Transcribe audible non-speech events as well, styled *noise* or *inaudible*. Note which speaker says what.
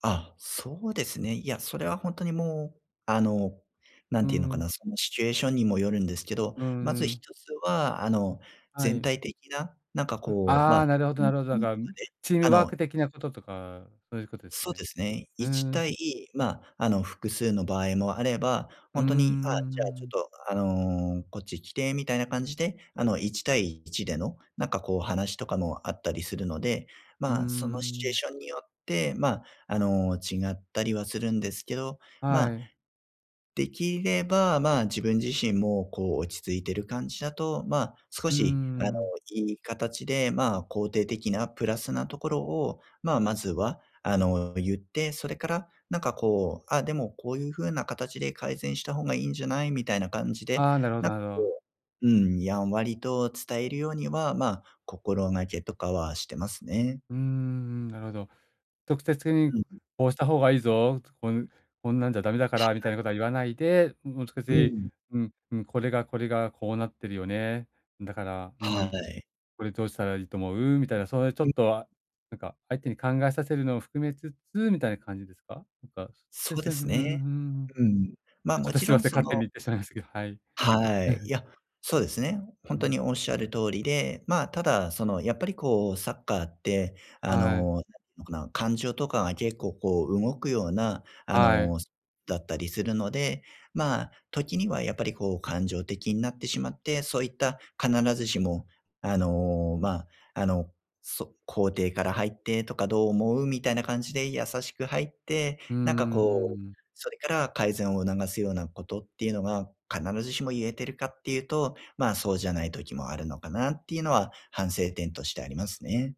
Speaker 1: あ、そうですね。いや、それはほんとにもう、あの、何
Speaker 2: うー
Speaker 1: て言うのか
Speaker 2: ん。
Speaker 1: な、そのシチュエーションにもよるんですけど、
Speaker 2: う
Speaker 1: まず
Speaker 2: んう
Speaker 1: 一
Speaker 2: ん。
Speaker 1: つは、あの、
Speaker 2: は
Speaker 1: 全
Speaker 2: い。
Speaker 1: 体的な、なんか
Speaker 2: うん、
Speaker 1: こう、
Speaker 2: あ
Speaker 1: ま、*unintelligible*
Speaker 2: あ、
Speaker 1: と
Speaker 2: なるほどなるほど。なん
Speaker 1: か
Speaker 2: か、
Speaker 1: で、
Speaker 2: チー
Speaker 1: あ
Speaker 2: ムワーク
Speaker 1: の、
Speaker 2: 的
Speaker 1: ち
Speaker 2: なこととか、そういうことですか
Speaker 1: そう
Speaker 2: ね？
Speaker 1: ですね。
Speaker 2: う
Speaker 1: い
Speaker 2: ー
Speaker 1: ちたい、
Speaker 2: ん。
Speaker 1: ま、あの、複数の場合もあれば、
Speaker 2: う
Speaker 1: ほ
Speaker 2: んう
Speaker 1: ん
Speaker 2: ん
Speaker 1: とに、あ、
Speaker 2: うんう
Speaker 1: じゃあ、ちょ
Speaker 2: んう
Speaker 1: っ
Speaker 2: ん。
Speaker 1: と、あの、こっち来てみたいな感じで、あの、一対一での、なんかこう話とかもあったりするので、
Speaker 2: うー
Speaker 1: まあ、そのシチュエー
Speaker 2: ん。
Speaker 1: ションによって、ま、あの、違ったりはするんですけど、ま、
Speaker 2: はい。
Speaker 1: できれば、ま、自分自身もこう、落ち着いてる感じだと、ま、少
Speaker 2: うー
Speaker 1: しあの、
Speaker 2: ん。
Speaker 1: いい形で、まあ、肯定的なプラスなところを、ま、まずは、あの、言って、それからなんか、こう、あ、でもこういう風な形で改善した方がいいんじゃない？みたいな感じで、
Speaker 2: ああ、なるほど、
Speaker 1: な、こ
Speaker 2: なるほど。
Speaker 1: う、うん、やんわりと伝えるようには、ま、心がけとかはしてますね。
Speaker 2: うんうんうん、なるほど。直接的に
Speaker 1: うんうん。
Speaker 2: こうした方がいいぞ、こう、こんなんじゃダメだか
Speaker 1: は
Speaker 2: らみたい
Speaker 1: い。
Speaker 2: なことは言わないで、もう少
Speaker 1: う
Speaker 2: し、
Speaker 1: ん。
Speaker 2: うん、うん、これがこれがこうなってるよね。だから、う
Speaker 1: は
Speaker 2: ん、
Speaker 1: い。
Speaker 2: これどうしたらいいと思う？みたいな、そういうちょ
Speaker 1: うん。
Speaker 2: っと、あ、なんか、相手に考えさせるのを含めつつみたいな感じですか？なんか、
Speaker 1: そ
Speaker 2: で
Speaker 1: うで
Speaker 2: せ
Speaker 1: すね。うん。
Speaker 2: *unintelligible*
Speaker 1: ま、
Speaker 2: あ、ち
Speaker 1: も
Speaker 2: ょっと
Speaker 1: ち
Speaker 2: すい
Speaker 1: ろ
Speaker 2: ま
Speaker 1: ん、
Speaker 2: せん、
Speaker 1: そ
Speaker 2: 勝手に
Speaker 1: の
Speaker 2: 言ってしまいましたけど、はい。
Speaker 1: はい。い
Speaker 2: *chuckles*
Speaker 1: や、そうですね。ほん
Speaker 2: う
Speaker 1: と
Speaker 2: ん。
Speaker 1: におっしゃる通りで、ま、ただその、やっぱりこう、サッカーって、あ
Speaker 2: はい。
Speaker 1: の、何のかな？感情とかが結構、こう、動くようなあ
Speaker 2: はい。
Speaker 1: の、すだったりするので、ま、時にはやっぱりこう、感情的なってしまって、そういった必ずしも、あの、ま、あの、そ肯定から入ってとか、どう思う？みたいな感じで優しく入って、
Speaker 2: うんう
Speaker 1: なんか
Speaker 2: んう
Speaker 1: こう、
Speaker 2: んうん。
Speaker 1: それから改善を促すようなことっていうのが、必ずしも言えているか？って言うと、ま、そうじゃない時もあるのかなっていうのは、反省点としてありますね。